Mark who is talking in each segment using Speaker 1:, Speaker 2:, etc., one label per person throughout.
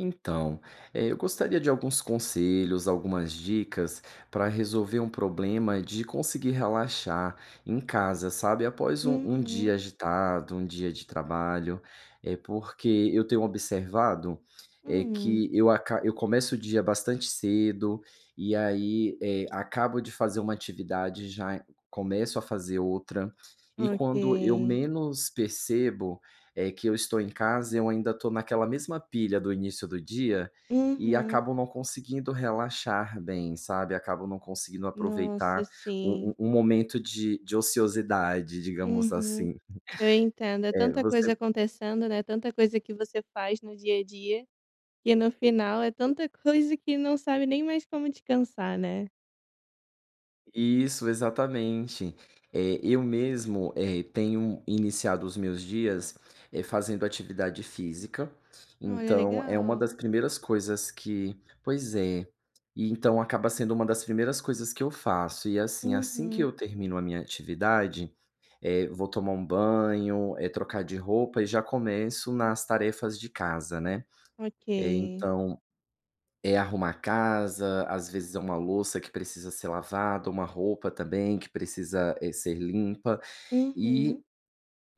Speaker 1: Então, eh, eu gostaria de alguns conselhos, algumas dicas pra resolver um problema de conseguir relaxar em casa, sabe, após um um
Speaker 2: Uhum.
Speaker 1: dia agitado, um dia de trabalho. Eh, porque eu tenho observado, eh,
Speaker 2: Hum.
Speaker 1: que eu aca eu começo o dia bastante cedo e aí, eh, acabo de fazer uma atividade, já c-começo a fazer outra. E quando eu
Speaker 2: Ok.
Speaker 1: menos percebo eh, que eu estou em casa eu ainda estou naquela mesma pilha do início do dia e
Speaker 2: Uhum.
Speaker 1: acabo não conseguindo relaxar bem, sabe? Acabo não conseguindo
Speaker 2: Nossa,
Speaker 1: aproveitar o
Speaker 2: sim.
Speaker 1: o o momento de de ociosidade, digamos
Speaker 2: Uhum.
Speaker 1: assim.
Speaker 2: Eu entendo. É
Speaker 1: Eh,
Speaker 2: tanta
Speaker 1: você
Speaker 2: coisa acontecendo, né? Tanta coisa que você faz no dia a dia. E no final, é tanta coisa, que não sabe nem mais como descansar, né?
Speaker 1: Isso, exatamente. Eh, eu mesmo, eh, tenho iniciado os meus dias, eh, fazendo atividade física.
Speaker 2: Olha,
Speaker 1: Então, é uma
Speaker 2: legal.
Speaker 1: das primeiras coisas que pois é. Então, acaba sendo uma das primeiras coisas que eu faço e assim: Assim que
Speaker 2: Uhum.
Speaker 1: eu termino a minha atividade, eh, vou tomar um banho, eh, trocar de roupa e já começo nas tarefas de casa, né. Eh,
Speaker 2: Ok.
Speaker 1: então, é arrumar a casa. Às vezes, é uma louça, que precisa ser lavado. Uma roupa também, que precisa, eh, ser limpa. E,
Speaker 2: Uhum.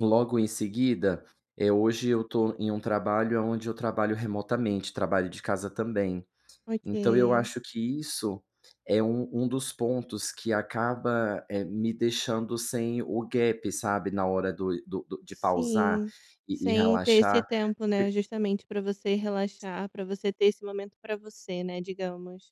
Speaker 1: logo em seguida eh, hoje eu estou em trabalho aonde eu trabalho remotamente trabalho de casa também.
Speaker 2: Ok.
Speaker 1: Então, eu acho que isso é um um dos pontos que acaba, eh, me deixando sem o gap sabe, na hora do do de pausar
Speaker 2: Sim.
Speaker 1: e e
Speaker 2: Sem ter esse
Speaker 1: relaxar
Speaker 2: tempo,
Speaker 1: por
Speaker 2: né, ustamente para você relaxar. Para você ter esse momento para você. né, digamos.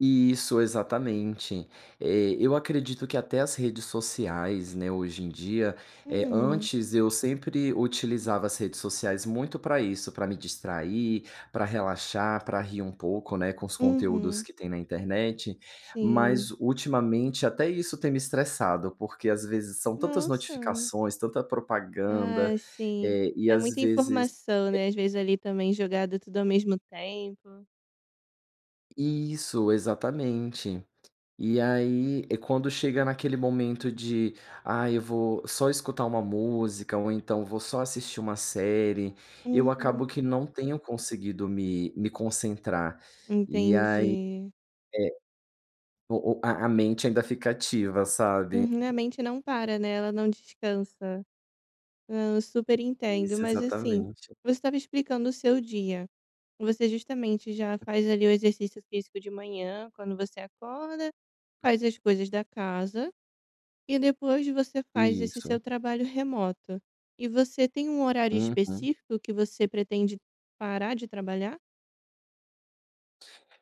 Speaker 1: Isso. exatamente. Eh, eu acredito que até as redes sociais, né, hoje em dia eh,
Speaker 2: Hum.
Speaker 1: antes eu sempre utilizava as redes sociais muito pra isso. Pra me distrair, pra relaxar, pra rir um pouco, né, com os conteúdos
Speaker 2: Uhum.
Speaker 1: que têm na internet.
Speaker 2: Sim.
Speaker 1: Mas, ultimamente, até isso tem me estressado porque, às vezes, são tantas
Speaker 2: Nossa.
Speaker 1: notificações, tanta propaganda,
Speaker 2: Ah, sim.
Speaker 1: eh, e
Speaker 2: É
Speaker 1: às
Speaker 2: muita
Speaker 1: vezes
Speaker 2: informação,
Speaker 1: e
Speaker 2: né, às vezes ali também jogado tudo ao mesmo tempo.
Speaker 1: Isso, exatamente. Eh, aí quando chega naquele momento de: "Ai eu vou só escutar uma música ou então vou só assistir uma série", eu acabo
Speaker 2: Uhum.
Speaker 1: que não tenho conseguido me me concentrar. E aí
Speaker 2: Entendi.
Speaker 1: é o o a a mente ainda fica ativa, sabe?
Speaker 2: Uhum. A mente não para, né? Ela não descansa. Hã, eu super entendo.
Speaker 1: Isso,
Speaker 2: Mas assim,
Speaker 1: exatamente.
Speaker 2: você estava explicando o seu dia. Você justamente já faz ali o exercício físico de manhã, quando você acorda. Faz as coisas da casa, E depois, você faz esse
Speaker 1: Isso.
Speaker 2: seu trabalho remoto. E você tem um horário
Speaker 1: Uhum.
Speaker 2: específico que você pretende parar de trabalhar?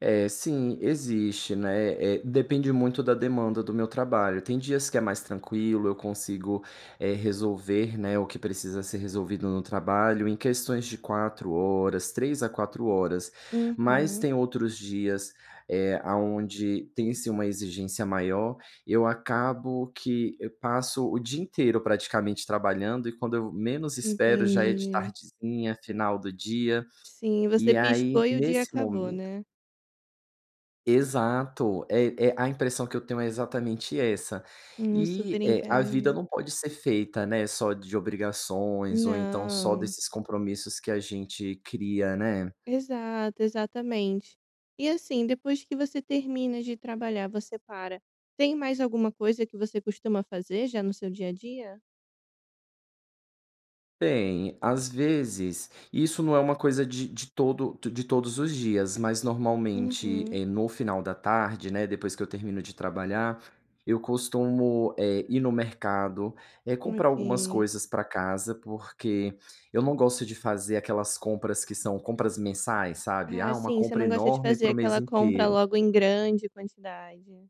Speaker 1: É, sim. Existe, né, eh, depende muito da demanda do meu trabalho. Tem dias que é mais tranquilo, eu consigo, eh, resolver, né, o que precisa ser resolvido no trabalho em questões de 4 horas 3 a 4 horas, mas
Speaker 2: Uhum.
Speaker 1: tem outros dias, eh, aonde tem, sim, uma exigência maior. Eu acabo que eu passo o dia inteiro praticamente trabalhando e, quando eu menos espero, já é de
Speaker 2: Entendi.
Speaker 1: tardezinha, final do dia.
Speaker 2: Sim, você
Speaker 1: E aí,
Speaker 2: piscou e o dia
Speaker 1: nesse
Speaker 2: acabou,
Speaker 1: momento
Speaker 2: né?
Speaker 1: Exato, eh eh, a impressão que eu tenho é exatamente essa.
Speaker 2: Hum, super
Speaker 1: E, eh, a vida
Speaker 2: entendo.
Speaker 1: não pode ser feita, né, só de obrigações ou então só
Speaker 2: Não.
Speaker 1: desses compromissos que a gente cria, né?
Speaker 2: Exato, exatamente. E, assim, depois que você termina de trabalhar, você para, tem mais alguma coisa que você costuma fazer, já, no seu dia a dia?
Speaker 1: Tem. Às vezes isso não é uma coisa de de todo de todos os dias, mas normalmente,
Speaker 2: Uhum.
Speaker 1: eh, no final da tarde, né, depois que eu termino de trabalhar, eu costumo, eh, ir no mercado, eh, comprar algumas
Speaker 2: Ok.
Speaker 1: coisas pra casa, porque eu não gosto de fazer aquelas compras que são compras mensais, sabe?
Speaker 2: Ah,
Speaker 1: Ah, uma
Speaker 2: sim. Você
Speaker 1: compra
Speaker 2: não gosta de
Speaker 1: enorme
Speaker 2: fazer
Speaker 1: pro mês
Speaker 2: aquela compra
Speaker 1: inteiro.
Speaker 2: logo em grande quantidade.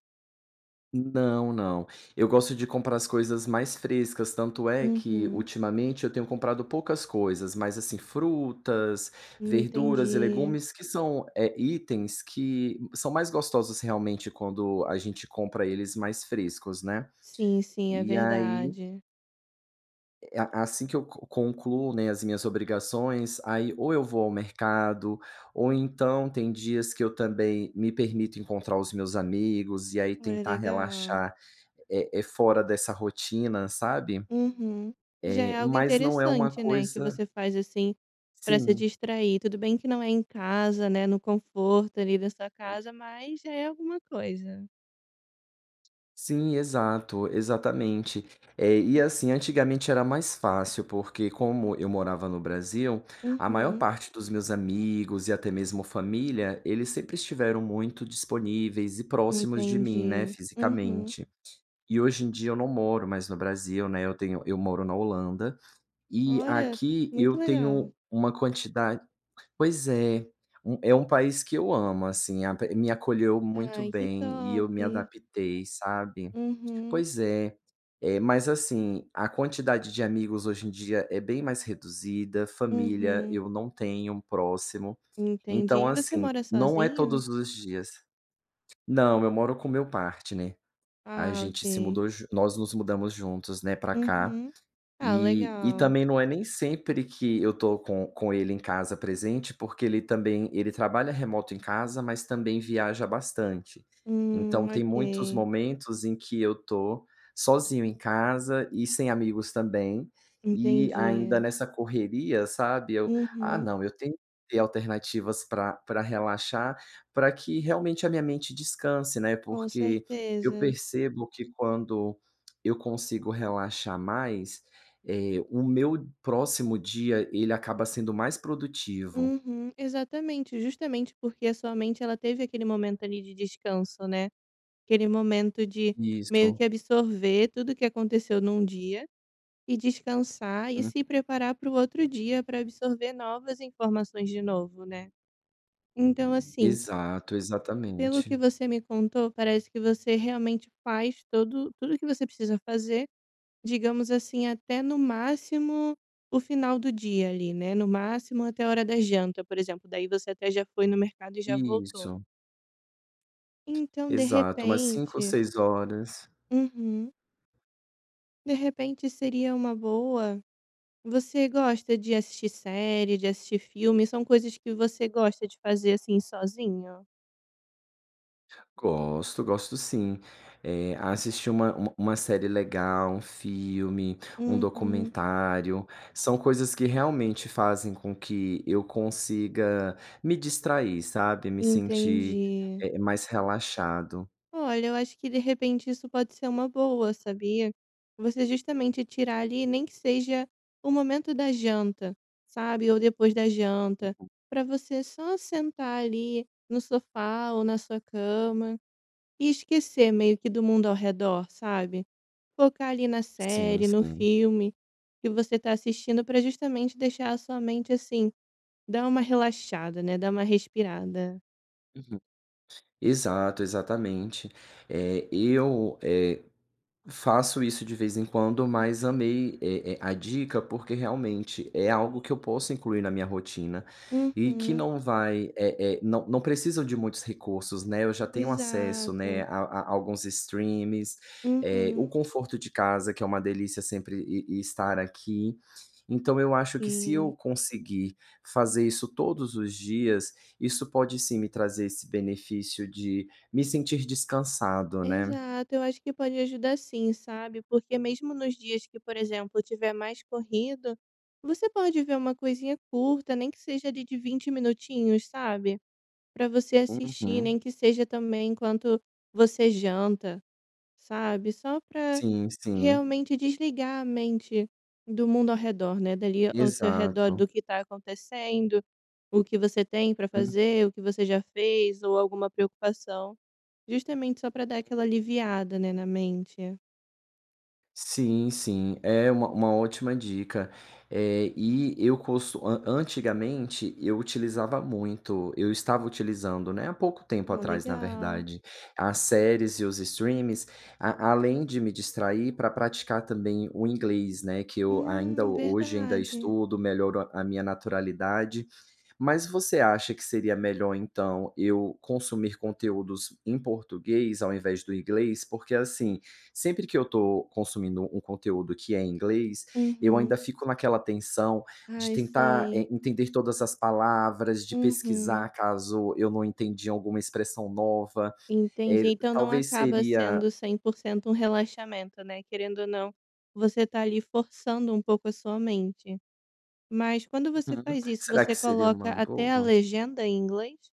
Speaker 1: Não, não, eu gosto de comprar as coisas mais frescas, tanto é que
Speaker 2: Uhum.
Speaker 1: ultimamente eu tenho comprado poucas coisas, mas assim frutas, verduras e
Speaker 2: Entendi.
Speaker 1: legumes que são, eh, itens que são mais gostosos realmente quando a gente compra eles mais frescos né,
Speaker 2: Sim, sim, é
Speaker 1: e aí
Speaker 2: verdade.
Speaker 1: É, a a assim que eu co concluo, né, as minhas obrigações aí ou eu vou ao mercado ou então tem dias que eu também me permito encontrar os meus amigos e aí
Speaker 2: Olha
Speaker 1: tentar
Speaker 2: legal.
Speaker 1: relaxar, eh eh, fora dessa rotina sabe,
Speaker 2: Uhum. Já
Speaker 1: eh,
Speaker 2: é algo
Speaker 1: mas não é uma
Speaker 2: interessante, né, que
Speaker 1: coisa
Speaker 2: você faz assim pra se
Speaker 1: Sim.
Speaker 2: distrair. Tudo bem que não é em casa, né, no conforto ali da sua
Speaker 1: [unintelligible]
Speaker 2: casa, mas é alguma coisa.
Speaker 1: Sim, exato, exatamente, eh, e assim antigamente era mais fácil, porque como eu morava no Brasil a maior
Speaker 2: Uhum.
Speaker 1: parte dos meus amigos e até mesmo família eles sempre estiveram muito disponíveis e próximos de mim, né,
Speaker 2: Entendi. Uhum.
Speaker 1: fisicamente. E hoje em dia eu não moro mais no Brasil, né, eu tenho eu moro na Holanda e
Speaker 2: Olha,
Speaker 1: aqui
Speaker 2: muito
Speaker 1: eu
Speaker 2: legal.
Speaker 1: tenho uma quantidade pois é, é um país que eu amo, assim, a me acolheu muito
Speaker 2: Ai que
Speaker 1: bem e
Speaker 2: top.
Speaker 1: eu me adaptei, sabe?
Speaker 2: Uhum.
Speaker 1: Pois é, mas assim a quantidade de amigos hoje em dia é bem mais reduzida, família
Speaker 2: Uhum.
Speaker 1: eu não tenho próximo,
Speaker 2: Entendi,
Speaker 1: então
Speaker 2: e você
Speaker 1: assim
Speaker 2: mora
Speaker 1: não é
Speaker 2: sozinho?
Speaker 1: todos os dias Não eu moro com o meu partner, a
Speaker 2: Ah
Speaker 1: gente se
Speaker 2: ok.
Speaker 1: mudou nós nos mudamos juntos, né, pra cá
Speaker 2: Uhum. Ah,
Speaker 1: e e
Speaker 2: legal.
Speaker 1: também não é nem sempre que eu tô com com ele em casa presente, porque ele também ele trabalha remoto em casa, mas também viaja bastante. Então,
Speaker 2: Hum,
Speaker 1: tem muitos
Speaker 2: ok.
Speaker 1: momentos em que eu tô sozinho em casa e sem amigos também e ainda
Speaker 2: Entendi.
Speaker 1: nessa correria, sabe, eu ah,
Speaker 2: Uhum.
Speaker 1: não eu tenho ter alternativas pra pra relaxar, pra que realmente a minha mente descanse, né,
Speaker 2: Com
Speaker 1: porque eu
Speaker 2: certeza.
Speaker 1: percebo que quando eu consigo relaxar mais, eh, o meu próximo dia, ele acaba sendo mais produtivo.
Speaker 2: Uhum. Exatamente, justamente porque a sua mente ela teve aquele momento ali de descanso, né. Aquele momento de meio
Speaker 1: Isso.
Speaker 2: que absorver tudo que aconteceu num dia, e descansar, e se
Speaker 1: [unintelligible]
Speaker 2: preparar para o outro dia, novas informações de novo, né, então assim
Speaker 1: Exato,
Speaker 2: Pelo que
Speaker 1: exatamente.
Speaker 2: você me contou parece que você realmente faz todo tudo que você precisa fazer, digamos assim até no máximo o final do dia ali, né, no máximo até a hora da janta por exemplo, daí você até já foi no mercado e já voltou.
Speaker 1: Isso.
Speaker 2: Então de
Speaker 1: Exato, umas 17h ou
Speaker 2: repente
Speaker 1: 18h.
Speaker 2: Uhum. De repente seria uma boa você gosta de assistir série, de assistir filme? São coisas que você gosta de fazer, assim, sozinho?
Speaker 1: Gosto, gosto sim. Eh, assistir uma uma uma série legal, um filme, um
Speaker 2: Uhum.
Speaker 1: documentário, são coisas que realmente fazem com que eu consiga me distrair, sabe, me sentir,
Speaker 2: Entendi.
Speaker 1: eh, mais relaxado.
Speaker 2: Olha, eu acho que de repente isso pode ser uma boa, sabia. Você justamente tirar ali, nem que seja o momento da janta, sabe, ou depois da janta
Speaker 1: Uhum.
Speaker 2: para você só sentar ali no sofá ou na sua cama e esquecer, meio que, do mundo ao redor, sabe. Focar ali na
Speaker 1: Sim,
Speaker 2: série no
Speaker 1: sim.
Speaker 2: filme que você tá assistindo, para justamente deixar a sua mente, assim, dá uma relaxada, né, dá uma respirada.
Speaker 1: Uhum. Exato, exatamente. Eh, eu, eh, faço isso de vez em quando, mas amei, eh eh, a dica porque, realmente, é algo que eu posso incluir na minha rotina e que
Speaker 2: Uhum.
Speaker 1: não vai eh eh, não não precisam de muitos recursos, né, eu já tenho acesso, né,
Speaker 2: Exato.
Speaker 1: a a alguns streamings, eh, o
Speaker 2: Uhum.
Speaker 1: conforto de casa que é uma delícia sempre e e estar aqui. Então eu acho que se eu
Speaker 2: Sim.
Speaker 1: conseguir fazer isso todos os dias, isso pode, sim, me trazer esse benefício de me sentir descansado, né.
Speaker 2: Exato. Eu acho que pode ajudar, sim, sabe, porque mesmo nos dias que, por exemplo, tiver mais corrido, você pode ver uma coisinha curta, nem que seja ali de 20 minutinhos, sabe. Para você assistir,
Speaker 1: Uhum.
Speaker 2: nem que seja, também, enquanto você janta, sabe. Só para
Speaker 1: Sim, sim.
Speaker 2: realmente desligar a mente do mundo ao redor, né, dali ao seu redor
Speaker 1: Exato.
Speaker 2: do que tá acontecendo, o que você tem para
Speaker 1: Hum.
Speaker 2: fazer, o que você já fez ou alguma preocupação, justamente só para dar aquela
Speaker 1: Uhum.
Speaker 2: aliviada, né, na mente.
Speaker 1: Sim, sim. É uma uma ótima dica. Eh, e eu cost an antigamente eu utilizava muito eu estava utilizando, né, há pouco tempo
Speaker 2: Hum,
Speaker 1: atrás na
Speaker 2: legal.
Speaker 1: verdade, as séries e os streamings a além de me distrair pra praticar também o inglês, né, que eu ainda
Speaker 2: Hum,
Speaker 1: hoje ainda
Speaker 2: verdade.
Speaker 1: estudo, melhoro a minha naturalidade. Mas você acha que seria melhor, então, eu consumir conteúdos em português ao invés do inglês? Porque assim, sempre que eu tô consumindo um conteúdo que é em inglês, eu
Speaker 2: Uhum.
Speaker 1: ainda fico naquela tensão de
Speaker 2: Ai,
Speaker 1: tentar,
Speaker 2: sim.
Speaker 1: eh, entender todas as palavras, de pesquisar
Speaker 2: Uhum.
Speaker 1: caso eu não entendi alguma expressão nova. Eh,
Speaker 2: Entendi. Então não
Speaker 1: talvez
Speaker 2: acaba
Speaker 1: seria
Speaker 2: sendo 100% um relaxamento, né? Querendo ou não, você tá ali forçando um pouco a sua mente. Mas quando você
Speaker 1: Uhum,
Speaker 2: faz isso,
Speaker 1: será que
Speaker 2: você
Speaker 1: seria
Speaker 2: coloca
Speaker 1: uma
Speaker 2: até a
Speaker 1: boa?
Speaker 2: legenda em inglês?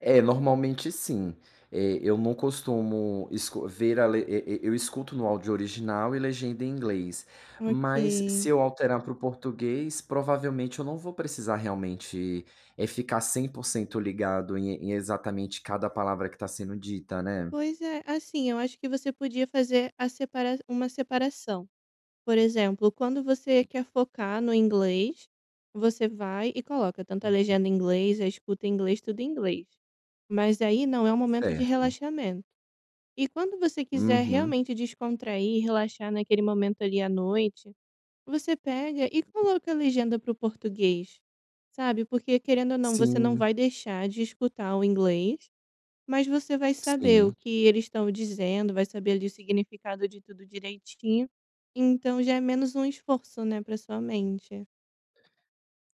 Speaker 1: É, normalmente sim. Eh eu não costumo escu ver a le e e eu escuto no áudio original e legenda em inglês, mas se
Speaker 2: Ok.
Speaker 1: eu alterar para o português provavelmente eu não vou precisar realmente, eh, ficar 100% ligado em em exatamente cada palavra que tá sendo dita, né?
Speaker 2: Pois é. Assim, eu acho que você podia fazer a separa uma separação. Por exemplo: quando você
Speaker 1: Hum.
Speaker 2: quer focar no inglês, você vai e coloca tanto a
Speaker 1: Uhum.
Speaker 2: legenda em inglês, a escuta em inglês, tudo em inglês, mas aí não é o momento de
Speaker 1: Certo.
Speaker 2: relaxamento. E quando você quiser
Speaker 1: Uhum.
Speaker 2: realmente descontrair e relaxar naquele momento ali à noite, você pega e
Speaker 1: [unintelligible]
Speaker 2: coloca a legenda para o português, sabe, porque querendo ou não você não
Speaker 1: Sim.
Speaker 2: vai deixar de escutar o inglês, mas você vai saber o
Speaker 1: Sim.
Speaker 2: que eles estão dizendo, vai saber ali o significado de tudo direitinho. Então já é menos um esforço, né, pra sua mente.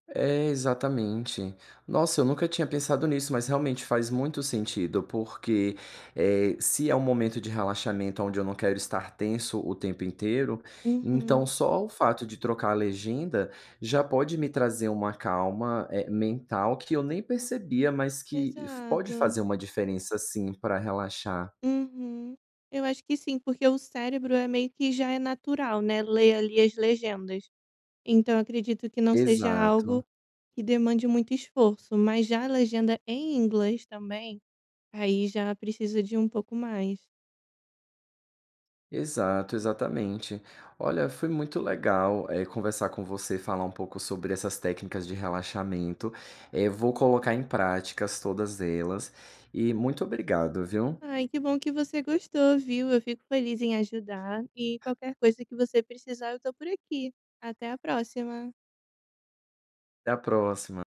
Speaker 1: É, exatamente. Nossa, eu nunca tinha pensado nisso, mas realmente faz muito sentido. Porque, eh, se é um momento de relaxamento aonde eu não quero estar tenso o tempo inteiro, então
Speaker 2: Uhum.
Speaker 1: só o fato de trocar a legenda já pode me trazer uma calma, eh, mental que eu nem percebia, mas que fa pode
Speaker 2: Exato.
Speaker 1: fazer uma diferença, sim, pra relaxar.
Speaker 2: Uhum. Eu acho que sim, porque o cérebro é meio que já é natural, né, ler ali as legendas. Então, acredito que não seja algo
Speaker 1: Exato.
Speaker 2: que demande muito esforço. Mas já a legenda em inglês também, aí já precisa de um pouco mais.
Speaker 1: Exato, exatamente. Olha, foi muito legal, eh, conversar com você, falar um pouco sobre essas técnicas de relaxamento. Eh, vou colocar em práticas todas elas e muito obrigado, viu.
Speaker 2: Ai que bom que você gostou, viu? Eu fico feliz em ajudar, e qualquer coisa que você precisar eu tô por aqui. Até a próxima.
Speaker 1: Até a próxima.